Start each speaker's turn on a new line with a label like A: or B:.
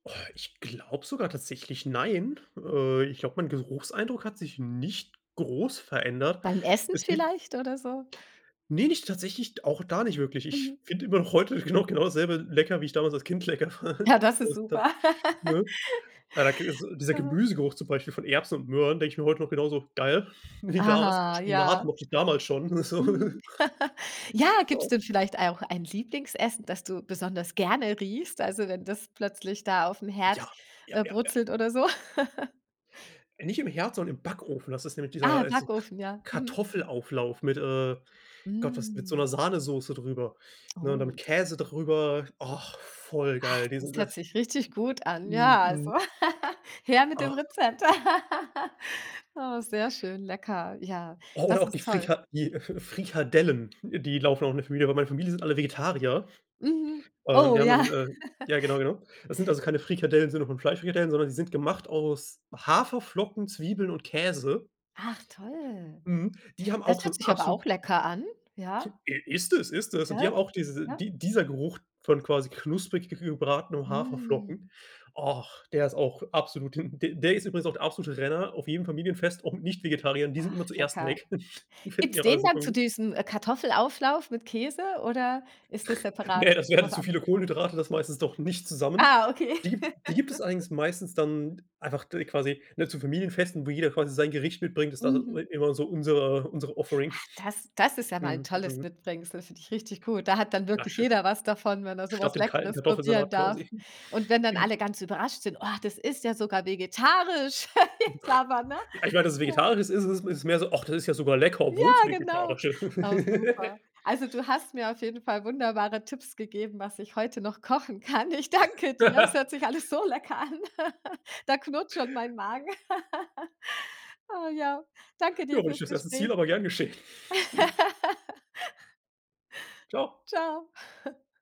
A: Oh, ich glaube sogar tatsächlich nein, äh, ich glaube, mein Geruchseindruck hat sich nicht groß verändert.
B: Beim Essen
A: Es gibt
B: vielleicht oder so.
A: Ne, nicht tatsächlich, auch da nicht wirklich. Ich
B: Mhm.
A: finde immer noch heute genau genau dasselbe lecker, wie ich damals als Kind lecker fand.,
B: Ja, das ist super.
A: [unintelligible] ne? Ah, da k s also, dieser
B: Aha.
A: Gemüsegeruch zum Beispiel von Erbsen und Möhren denke ich mir heute noch genauso: „Geil”, wie damals auch
B: Aha,
A: Spinat
B: ja.
A: mochte ich damals schon so.
B: Mhm. Ja, gibt's
A: Ja.
B: denn vielleicht auch ein Lieblingsessen, das du besonders gerne riechst, also, wenn das plötzlich da aufm Herd,
A: Ja, ja,
B: äh,
A: ja, ja.
B: brutzelt oder so?
A: Nicht im Herd, sondern im Backofen, das ist nämlich dieser
B: Ah,
A: heißt so
B: Backofen, ja, mhm.
A: Kartoffelauflauf mit, äh Gott, was mit so
B: Mm.
A: 'ner Sahnesoße drüber, ne, oder
B: Oh.
A: mit Käse drüber. Ach, voll
B: Ach,
A: geil.
B: das
A: Diese
B: hört
A: das
B: sich richtig gut an. Ja, also
A: Mhm.
B: her mit dem
A: Ach.
B: Rezept. Oh, sehr schön, lecker. Ja,
A: Oh, oder
B: das
A: auch die
B: ist toll.
A: Frika die Frikadellen, die laufen auch in der Familie, aber in meiner Familie sind alle Vegetarier,
B: Mhm.
A: äh, und
B: Oh
A: die
B: ja.
A: anderen äh, ja, genau, genau. Das sind also keine Frikadellen im Sinne von Fleischfrikadellen, sondern die sind gemacht aus Haferflocken, Zwiebeln und Käse.
B: Ach toll.
A: Mhm. Die haben
B: Das
A: auch so
B: hört
A: 'n
B: sich aber
A: abso
B: auch lecker an. Ja.
A: I ist es, ist es und die haben
B: Gell,
A: auch diese
B: ne?
A: die dieser Geruch von quasi knusprig g gebratenen
B: Mm.
A: Haferflocken. Och, der ist auch absolut him d der ist übrigens auch der absolute Renner auf jedem Familienfest, auch Nicht-Vegetarier, und die sind
B: Ach,
A: immer zuerst
B: lecker.
A: weg. Finden
B: Gibt's
A: die alle auch
B: den dann
A: super
B: zu
A: gut.
B: diesem Kartoffelauflauf mit Käse oder ist das separat
A: Ne, das
B: zu
A: wären
B: was
A: zu viele
B: anderem?
A: Kohlenhydrate, das meistens doch nicht zusammen.
B: Ah, okay.
A: Die gibt's die gibt es allerdings meistens dann einfach d quasi, ne, zu Familienfesten, wo jeder quasi sein Gericht mitbringt ist da,
B: Mhm.
A: äh, immer so unsere unsere Offering.
B: Ach, das das ist ja mal 'n
A: Mhm.
B: tolles
A: Mhm.
B: Mitbringsel, finde ich richtig gut, da hat dann
A: Ja,
B: wirklich
A: schön.
B: jeder was davon, wenn er so was
A: Statt dem kalten
B: Leckeres probieren
A: Kartoffelsalat
B: darf,
A: quasi.
B: und wenn dann
A: Mhm.
B: alle ganz überrascht sind: „Oh, das ist ja sogar vegetarisch.“ [unintelligible] ne?
A: Ja, ich meine, dass es
B: Ja.
A: vegetarisch ist is is ist mehr so: „Ach, das ist ja sogar lecker,
B: Ja,
A: obwohl's
B: genau.
A: vegetarisch ist.“
B: Oh, super. Also, du hast mir auf jeden Fall wunderbare Tipps gegeben, was ich heute noch kochen kann, ich danke dir. Es hört sich alles so lecker an. Da knurrt schon mein Magen. Oh ja, danke
A: Ja,
B: dir
A: war nicht
B: fürs
A: das erste Ziel
B: Gespräch.
A: aber gern geschehen. Tschau.
B: Tschau.